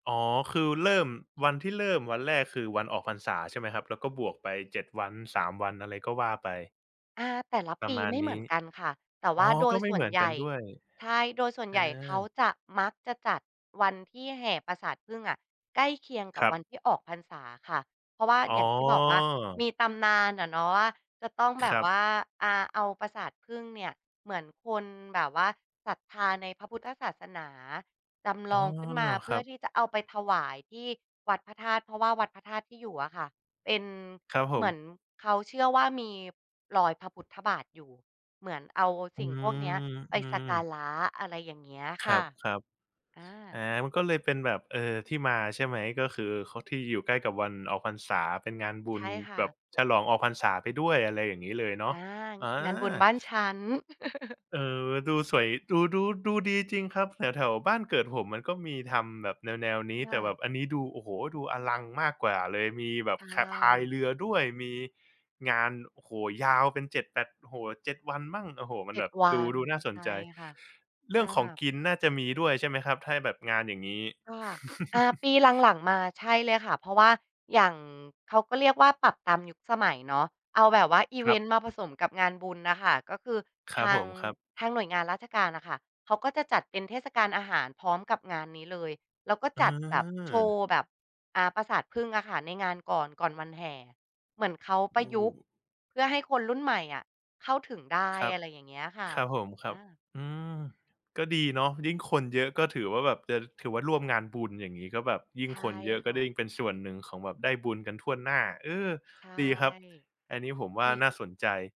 อ๋อ คือเริ่ม วันที่เริ่มวันแรก คือวันออกพรรษาใช่ไหมครับ? แล้วก็บวกไป 7 วัน 3 วัน อะไรก็ว่าไป อา แต่ละปประีมาไณม่เนหมืีอ้ นกันค่ะ แต่วอ่๋าอ โดก็ยไมส่่เวหมนือนใหญกั่ นด้วย ใช่ โดยส่วนเอใหญ่เขอ าจะ มักจะจัดวันที่แห่ปราสาทผึ้งอะ ใกล้เคียงกัคบรัวบ ันที่ออกพรรษาค่ะ เพราะว่า อ๋อ อย่างที่บอกว่ามีตำนานน่ะเนาะว่า จะต้องแบครบับ ว่า อา เอาปราสาทผึ้งเนี่ย เหมือนคนแบบว่าศรัทธาในพระพุทธศาสนาจำอล๋อ องขึ้นมา เพคืร่ัอบ ที่จะเอาไปถวายที่วัดพระธาตุ เพราะว่าวัดพระธาตุที่อยู่อะค่ะ เป็น ครับผเหมืม อนเขาเชื่อว่ามีรอยพระพุทธบาทอยู่ เหมือนเอาอืสิ่งพม วกเนี้ยไปอืสัม กการะ อะไรอย่างเงี้ยคคร่ะ ับ อๆ อา า มันก็เลยเป็นแบบ เออ ที่มาใช่ไหม ก็คือ ค ที่อยู่ใกล้กับวันออกพรรษา เป็นงานบุใชญ่ค่แบบะ ฉลองออกพรรษาไปด้วย อะไรอย่างงี้เลยเนาอะ า อา งานบุญบ้านฉัน เออ ดูสวย ดู ดู ดูดีจริงครับ แถว ๆ บ้านเกิดผม มันก็มีทำแบบแนว ๆ นี้ คแ่ต่แบะ บอันนี้ดู โอ้โฮ! ดูอลังมากกว่าเลย มีแบบ ใชข พาย่ เรือด้วย มีงาน โอ้โฮ! ยาวเป็น 7 แปด โอ้โฮ 7 วันมั่ง โอ้โฮ มัเจน็แบด บวัดู น ดูน่าสใชน่ใจ ค่ะ เรือ่องของา กินน่าจะมีด้วยใช่ไหมครับ? ถ้า ห แบบงานอย่างงี้ ค่ะ อา ปีหลัง ๆ มา ใช่เลยค่ะ เพราะว่าอย่าง เขาก็เรียกว่าปรับตามยุคสมัยเนาะ เอาแบบว่าอิคเวรันบ ต์มาผสมกับงานบุญน่ะค่ะ ก็คือครทับาผง ม ครับ ทางหน่วยงานราชการน่ะค่ะเขาก็จะจัดเป็นเทศกาลอาหารพร้อมกับงานนี้เลย แล้วก็เจัดแบบโชวออ ์แบบ อ่า ปราสาทผึ้งอะค่ะในงานก่อน ก่อนวันแห่ เหมือนเขาปโรอะยุกต์้ เพื่อให้คนรุ่นใหม่อะเข้าถึงได้ ครับ อะไรอย่างเงี้ยค่ะ ครับผม ครัอบ า อืม ก็ดีเนาะ ยิ่งคนเยอะ ก็ถือว่าแบบจะ ถือว่าร่วมงานบุญ อย่างงี้ ก็แบบยิ่ใชง่คนเยอะ กค็่ได้ะ ยิ่งเป็นส่วนหนึ่งของแบบ ได้บุญกันถ้วนหน้า เออ ใช่ ดีครับ อันนี้ผมว่ามี น่าสนใจ